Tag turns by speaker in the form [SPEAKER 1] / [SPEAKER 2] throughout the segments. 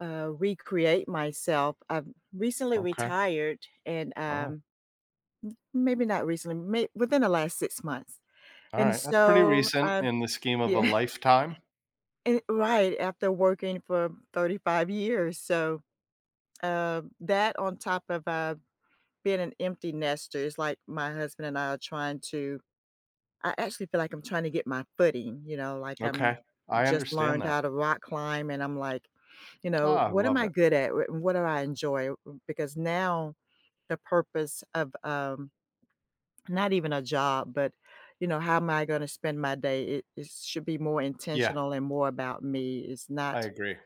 [SPEAKER 1] uh, recreate myself. I've recently
[SPEAKER 2] Okay.
[SPEAKER 1] retired and,
[SPEAKER 2] Oh.
[SPEAKER 1] um m maybe not recently may within the last 6 months. And
[SPEAKER 2] Alright, that's pretty
[SPEAKER 1] so,
[SPEAKER 2] recent
[SPEAKER 1] um
[SPEAKER 2] in the scheme of a
[SPEAKER 1] Yeah.
[SPEAKER 2] lifetime.
[SPEAKER 1] Eh right, after working for 35 years, so, um, that, on top of, uh, being an empty nester, it's like my husband and I are trying to I actually feel like I'm trying to get my footing, you know, like I'm
[SPEAKER 2] Okay. I
[SPEAKER 1] just
[SPEAKER 2] understand
[SPEAKER 1] learned
[SPEAKER 2] that.
[SPEAKER 1] how to rock climb and I'm like, you know,
[SPEAKER 2] Ah,
[SPEAKER 1] "What am
[SPEAKER 2] love
[SPEAKER 1] I
[SPEAKER 2] it.
[SPEAKER 1] good at? R what do I enjoy?" Because now the purpose of, um not even a job, but, you know, how am I gonna spend my day, it it should be more
[SPEAKER 2] Yeah.
[SPEAKER 1] intentional and more about me, it's
[SPEAKER 2] I
[SPEAKER 1] not
[SPEAKER 2] agree.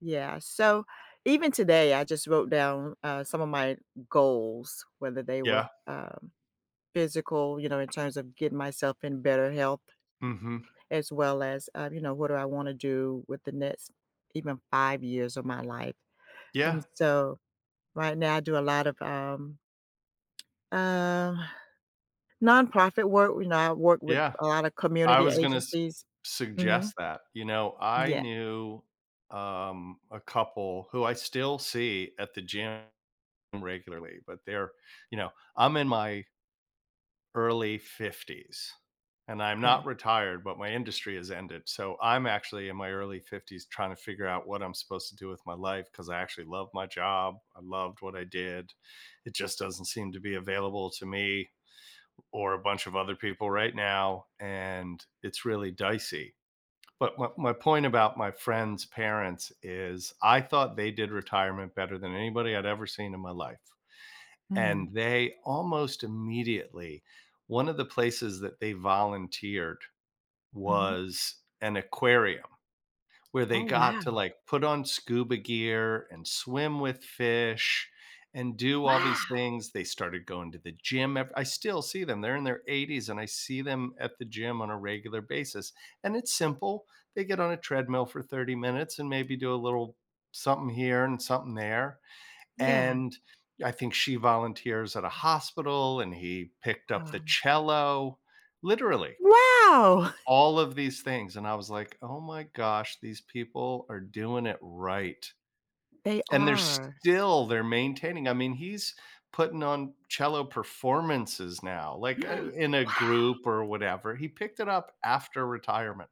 [SPEAKER 1] Yeah, so, even today, I just wrote down, uh, some of my goals, whether they were,
[SPEAKER 2] Yeah.
[SPEAKER 1] um, physical, you know, in terms of getting myself in better health,
[SPEAKER 2] Mhm.
[SPEAKER 1] as well as, uh, you know, what do I wanna do with the next, even, 5 years of my life. And
[SPEAKER 2] Yeah.
[SPEAKER 1] so, right now I do a lot of, um, um, non-profit work, w you know, I work with
[SPEAKER 2] Yeah.
[SPEAKER 1] a lotta
[SPEAKER 2] I
[SPEAKER 1] community
[SPEAKER 2] was gonna s
[SPEAKER 1] agencies. Mhm.
[SPEAKER 2] suggest that, you know, I
[SPEAKER 1] Yeah.
[SPEAKER 2] knew, um, a couple who I still see at the gym regularly, but they're, you know I'm in my early 50s and I'm not
[SPEAKER 1] Okay.
[SPEAKER 2] retired, but my industry has ended. So, I'm actually in my early 50s trying to figure out what I'm supposed to do with my life, 'cause I actually love my job, I loved what I did, it just doesn't seem to be available to me or a bunch of other people right now, and it's really dicey. But my my point about my friend's parents is I thought they did retirement better than anybody I'd ever seen in my life, and
[SPEAKER 1] Mm.
[SPEAKER 2] they, almost immediately one of the places that they volunteered
[SPEAKER 1] Mhm.
[SPEAKER 2] was an aquarium where they
[SPEAKER 1] Oh,
[SPEAKER 2] got
[SPEAKER 1] wow.
[SPEAKER 2] to like put on scuba gear and swim with fish and do all
[SPEAKER 1] Wow.
[SPEAKER 2] these things. They started going to the gym ev I still see them. They're in their 80s and I see them at the gym on a regular basis and it's simple, they get on a treadmill for 30 minutes and maybe do a little something here and something there,
[SPEAKER 1] Yeah.
[SPEAKER 2] and I think she volunteers at a hospital and he picked up the
[SPEAKER 1] Wow.
[SPEAKER 2] cello. Literally
[SPEAKER 1] Wow.
[SPEAKER 2] all of these things, and I was like, "Oh my gosh, these people are doing it right."
[SPEAKER 1] They
[SPEAKER 2] And they're
[SPEAKER 1] are.
[SPEAKER 2] still they're maintaining I mean, he's putting on cello performances now, like, uh, in a
[SPEAKER 1] Wow.
[SPEAKER 2] group or whatever. He picked it up after retirement.